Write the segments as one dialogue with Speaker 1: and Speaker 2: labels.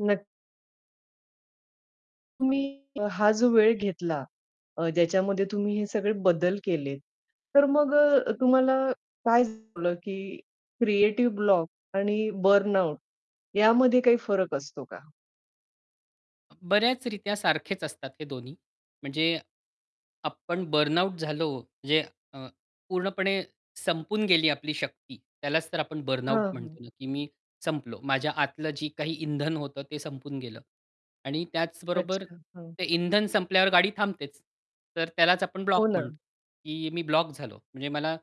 Speaker 1: नक तुम्ही. हा जो वेळ घेतला अ, ज्याच्यामध्ये तुम्ही हे सगळे बदल केलेत, तर मग अ, तुम्हाला काय झालं. की क्रिएटिव्ह ब्लॉक आणि बर्नआउट यामध्ये काही फरक असतो का?
Speaker 2: बऱ्याच रित्या सारखेच असतात हे दोन्ही. म्हणजे आपण बर्नआउट झालो म्हणजे अ, पूर्णपणे संपून गेली आपली शक्ती. त्यालाच तर आपण बर्नआउट
Speaker 1: हां, हां.
Speaker 2: म्हणतो ना, की मी संपलो. माझ्या आतलं जे काही इंधन होतं ते संपून गेलं. आणि त्याचबरोबर
Speaker 1: अच्छा. हां.
Speaker 2: ते इंधन संपल्यावर गाडी थांबतेच. तर त्यालाच आपण
Speaker 1: हो
Speaker 2: ब्लॉक
Speaker 1: ना.
Speaker 2: म्हणतो. की मी ब्लॉक झालो. म्हणजे मला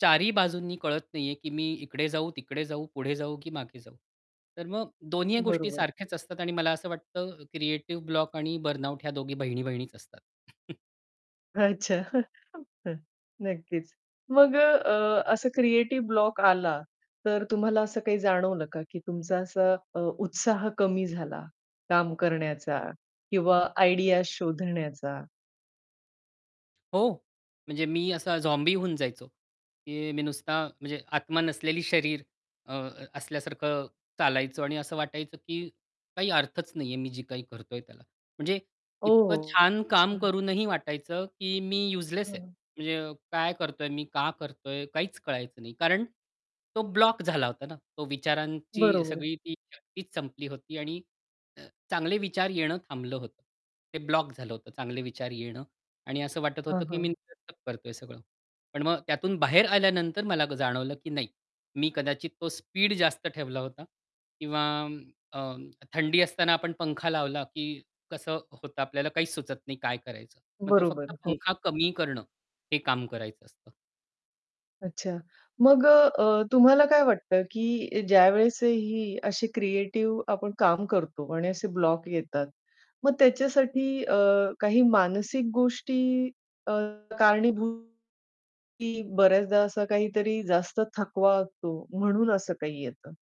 Speaker 2: 4 ही बाजूंनी कळत नाहीये की मी इकडे जाऊ, तिकडे जाऊ, पुढे जाऊ, की मागे जाऊ. तर मग दोन्हीही गोष्टी
Speaker 1: बरोबर.
Speaker 2: सारख्याच असतात आणि मला असं वाटतं क्रिएटिव्ह ब्लॉक आणि बर्नआउट ह्या दोघी बहिणी-बहिणीच असतात.
Speaker 1: अच्छा. नक्कीच. मग अ, अ, असं क्रिएटिव्ह ब्लॉक आला तर तुम्हाला असं काही जाणवलं का की तुमचा असा अ, उत्साह कमी झाला, काम करण्याचा किंवा आयडियाज शोधण्याचा?
Speaker 2: हो. म्हणजे मी असा झॉम्बी होऊन जायचो. की मी नुसता म्हणजे आत्मा नसलेली शरीर अ, असल्यासारखं चालायचो आणि असं वाटायचं की काही अर्थच नाहीये मी जी काही करतोय त्याला. म्हणजे इतकं
Speaker 1: ओह,
Speaker 2: छान काम
Speaker 1: अच्छा.
Speaker 2: करूनही वाटायचं की मी यूजलेस आहे.
Speaker 1: हां.
Speaker 2: म्हणजे काय करतोय? मी का करतोय? काहीच कळायचं नाही. कारण तो ब्लॉक झाला होता ना, तो विचारांची
Speaker 1: बरोबर.
Speaker 2: सगळी ती शक्तीच संपली होती आणि अ, चांगले विचार येणं थांबलं होतं. ते ब्लॉक झालं होतं. चांगले विचार येणं आणि असं वाटत
Speaker 1: हां,
Speaker 2: होतं की
Speaker 1: हां.
Speaker 2: मी [unintelligible] करतोय हे सगळं. पण मग त्यातून बाहेर आल्यानंतर मला जाणवलं की नाही. मी कदाचित तो स्पीड जास्त ठेवला होता. किंवा अ, थंडी असताना आपण पंखा लावला, की कसं होतं आपल्याला काहीच सुचत नाही काय करायचं? मग तो
Speaker 1: बरोबर.
Speaker 2: फक्त
Speaker 1: हो.
Speaker 2: पंखा कमी करणं हे काम करायचं असतं.
Speaker 1: अच्छा, मग अ, अ, तुम्हाला काय वाटतं की ज्यावेळेस ही अशी क्रिएटिव्ह आपण काम करतो आणि असे ब्लॉक येतात, मग त्याच्यासाठी अ, काही मानसिक गोष्टी अ, कारणीभूत. की बऱ्याचदा असं काहीतरी जास्त थकवा असतो म्हणून असं काही येतं?